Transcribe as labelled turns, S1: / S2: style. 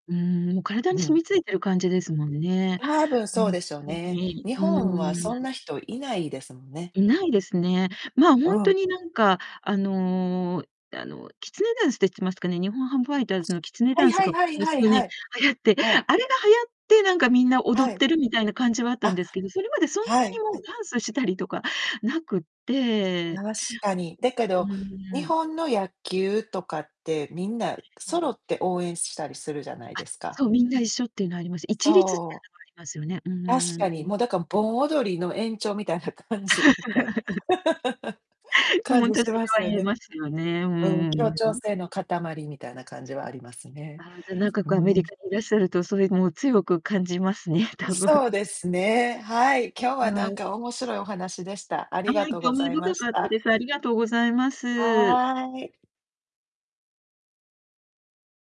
S1: うーん。もう、体に
S2: う
S1: 染
S2: ん。
S1: み付いてる感じですもんね。
S2: 多分
S1: う
S2: そう
S1: ん、
S2: でしょう
S1: ほんと
S2: ね。
S1: に。
S2: 日
S1: う
S2: 本は、そん
S1: ーん。
S2: な人いないですもんね。
S1: ないですね。まあ、
S2: う
S1: ほんと
S2: ん。
S1: に、なんか、あの、あの、キツネダンスって言ってますかね。日本ハムファイターズのキツネ
S2: [unintelligible] は
S1: ダ
S2: い
S1: ンス
S2: はい
S1: が、こ
S2: はい
S1: こ
S2: は
S1: 数
S2: いは
S1: 年
S2: い。
S1: 流行って、
S2: はい。
S1: あれが流行って、なんか、みんな踊
S2: は
S1: っ
S2: い。
S1: てるみたいな感じは、あった
S2: あ。
S1: んですけど、それまで、そんな
S2: は
S1: に、
S2: い
S1: も
S2: は
S1: う、
S2: い。
S1: ダンスしたりとか無くって
S2: 確かに。だけ
S1: う
S2: ど、
S1: ー
S2: 日
S1: ん。
S2: 本の野球とかって、みんな
S1: え
S2: 揃
S1: え。
S2: って応援したりするじゃない
S1: あ、
S2: ですか。
S1: そう。皆一緒っていうのはあります。一律って
S2: そ
S1: いう
S2: う。
S1: のはありますよね。う
S2: 確
S1: ー
S2: かに。
S1: ん。
S2: もう、だから盆踊りの延長みたいな感じみたいな。
S1: もう、
S2: 感
S1: ほん
S2: じ
S1: とに
S2: し
S1: それ
S2: ます
S1: は
S2: よ
S1: 言え
S2: ね。
S1: ますよね。うー
S2: うん。
S1: ん。
S2: 協
S1: う
S2: 調
S1: ん。
S2: 性の塊みたいな感じはありますね。
S1: ああ。じゃ、なんか、
S2: うー
S1: こう、アメリ
S2: ん。
S1: カにいらっしゃると、それ、もう、強く感じますね、
S2: う
S1: 多分。
S2: そうですね。はい。今日
S1: う
S2: は
S1: ん。
S2: な
S1: は
S2: ん
S1: い。
S2: か面白いお話でした。あ
S1: あ
S2: りが
S1: い。
S2: とうご
S1: 興味
S2: ざいま
S1: 深
S2: し
S1: かった
S2: た。
S1: です。ありがとうございます。
S2: はい。